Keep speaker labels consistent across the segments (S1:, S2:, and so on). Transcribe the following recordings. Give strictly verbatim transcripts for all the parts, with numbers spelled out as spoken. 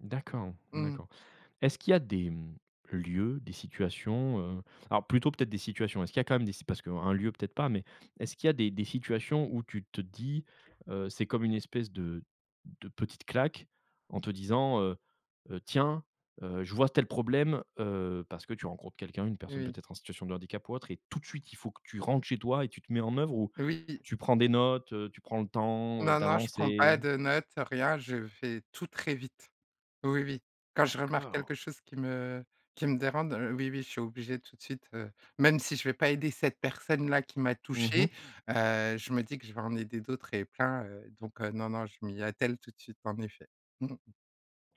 S1: D'accord,
S2: Mmh mh.
S1: d'accord. Est-ce qu'il y a des, mmh, lieux, des situations, heu, alors, plutôt, peut-être, des situations, est-ce qu'il y a, quand même, des si parce qu'un un lieu, peut-être pas mais est-ce qu'il y a des des situations où tu te dis, heu: «C'est comme une espèce de de petite claque», en te disant, heu: «Heu, tiens, heu, je vois tel problème», heu, parce que tu rencontres quelqu'un, une personne,
S2: Oui.
S1: peut-être en situation de handicap ou autre et tout de suite, il faut que tu rentres chez toi et tu te mets en oeuvre ou
S2: Oui.
S1: tu prends des notes, heu, tu prends le temps, heu,
S2: Non, non, je prends pas
S1: d'avancer?
S2: de notes, rien, je fais tout très vite. Oui, oui. Quand je remarque
S1: D'accord!
S2: quelque chose qui me qui me dérande, oui, oui, je suis obligée tout de suite, heu, même si je vais pas aider cette personne-là qui m'a
S1: Mmh
S2: touchée,
S1: mh.
S2: heu, je me dis que je vais en aider d'autres et plein, heu, donc non, non, je m'y attelle tout de suite, en effet. Mmh mh.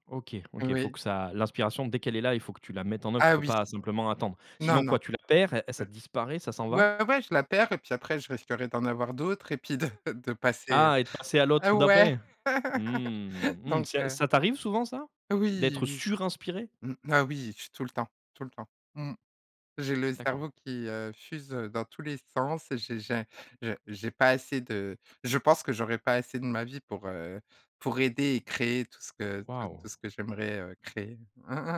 S1: OK, OK. Faut
S2: Oui.
S1: que ça l'inspiration dès qu'elle est là, il faut que tu la mettes en oeuvre. Tu
S2: Ah,
S1: peux
S2: oui!
S1: pas simplement attendre.
S2: Non,
S1: Sinon
S2: non.
S1: quoi, tu la perds? Ça
S2: Ouais.
S1: disparaît, ça s'en va?
S2: Ouais, ouais, je la perds et puis après je risquerais d'en avoir d'autres et puis de de passer, heu
S1: Ah et de passer à
S2: Ah,
S1: l'autre
S2: ouais,
S1: d'après. Mmh. Mmh.
S2: donc
S1: C'est a
S2: heu
S1: ça t'arrive souvent, ça,
S2: Oui,
S1: d'être
S2: oui.
S1: surinspirée?
S2: Mmh. Ah, oui, je suis tout le temps, tout le temps. Mmh. J'ai le
S1: D'accord.
S2: cerveau qui, heu, fuse, heu, dans tous les sens et j'ai j'ai j'ai j'ai pas assez de je pense que j'aurais pas assez de ma vie pour, heu, pour aider et créer tout ce que tout tout
S1: Waouh!
S2: ce que j'aimerais, heu, créer.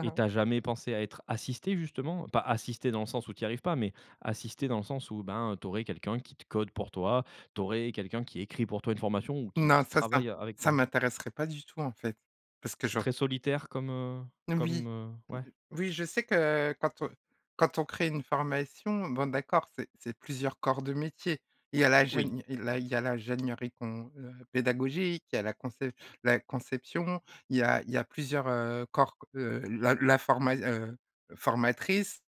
S1: Et tu as jamais pensé à être assistée justement, pas assistée dans le sens où tu y arrives pas, mais assistée dans le sens où, ben, tu aurais quelqu'un qui te code pour toi. Tu aurais quelqu'un qui écrit, pour toi, une formation, ou qui
S2: Non,
S1: qui
S2: ça, ça
S1: travaille a avec
S2: ça
S1: toi?
S2: m'intéresserait pas du tout, en fait, parce que
S1: C'est
S2: j'aur
S1: très solitaire comme, heu,
S2: Oui.
S1: comme, heu,
S2: o o
S1: ouais.
S2: oui, je sais que quand on quand on crée une formation, bon, d'accord, c'est c'est plusieurs corps de métier. Il y a la
S1: Oui.
S2: gène il là, il y a la l'ingégneurie qu'on, heu pédagogique. Il y a la concep la conception. Il y a il y a plusieurs, heu, corps qu heu, la la forma heu, formatrice.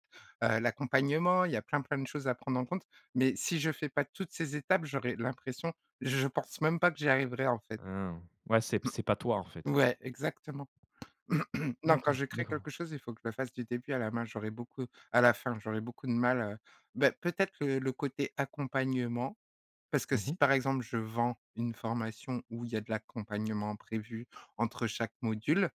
S2: Heu, l'accompagnement, il y a plein, plein de choses à prendre en compte. Mais si je fais pas toutes ces étapes, j'aurais l'impression, je pense même pas que j'y arriverais, en fait.
S1: Hein. Ouais, c'est
S2: Mmh.
S1: c'est pas toi, en fait.
S2: Ouais, exactement. Non, quand
S1: D'accord,
S2: je crée
S1: d'accord.
S2: quelque chose, il faut que je le fasse du début à la main, j'aurais beaucoup à la fin. J'aurais beaucoup de mal, heu, bah, peut-être que le côté accompagnement, parce que
S1: Mmh
S2: si,
S1: mh.
S2: par exemple, je vends une formation où il y a de l'accompagnement prévu entre chaque module,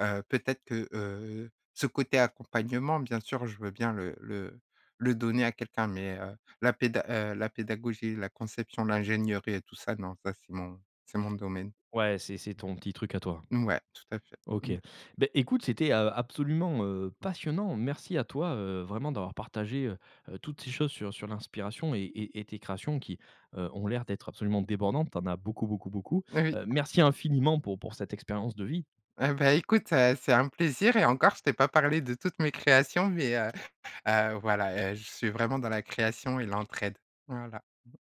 S2: heu, peut-être que, heu, ce côté accompagnement, bien sûr, je veux bien le le le donner à quelqu'un mais heu, la péda heu, la pédagogie, la conception, l'ingégneurie et tout ça, non. Ça, c'est mon c'est mon domaine.
S1: Ouais, c'est c'est ton petit truc à toi.
S2: Ouais tout à fait.
S1: OK,
S2: Mmh.
S1: bah, écoute, c'était, heu, absolument, heu, passionnant. Merci à toi, heu, vraiment d'avoir partagé, heu heu, toutes ces choses sur sur l'inspiration et et et tes créations qui, heu, ont l'air d'être absolument débordantes. Tu en as beaucoup, beaucoup, beaucoup.
S2: Oui.
S1: Heu, merci infiniment pour pour cette expérience de vie.
S2: Ah, bah, écoute, heu, c'est un plaisir et encore je t'ai pas parlé de toutes mes créations mais heu heu, voilà, heu, je suis vraiment dans la création et l'entraide. Voilà.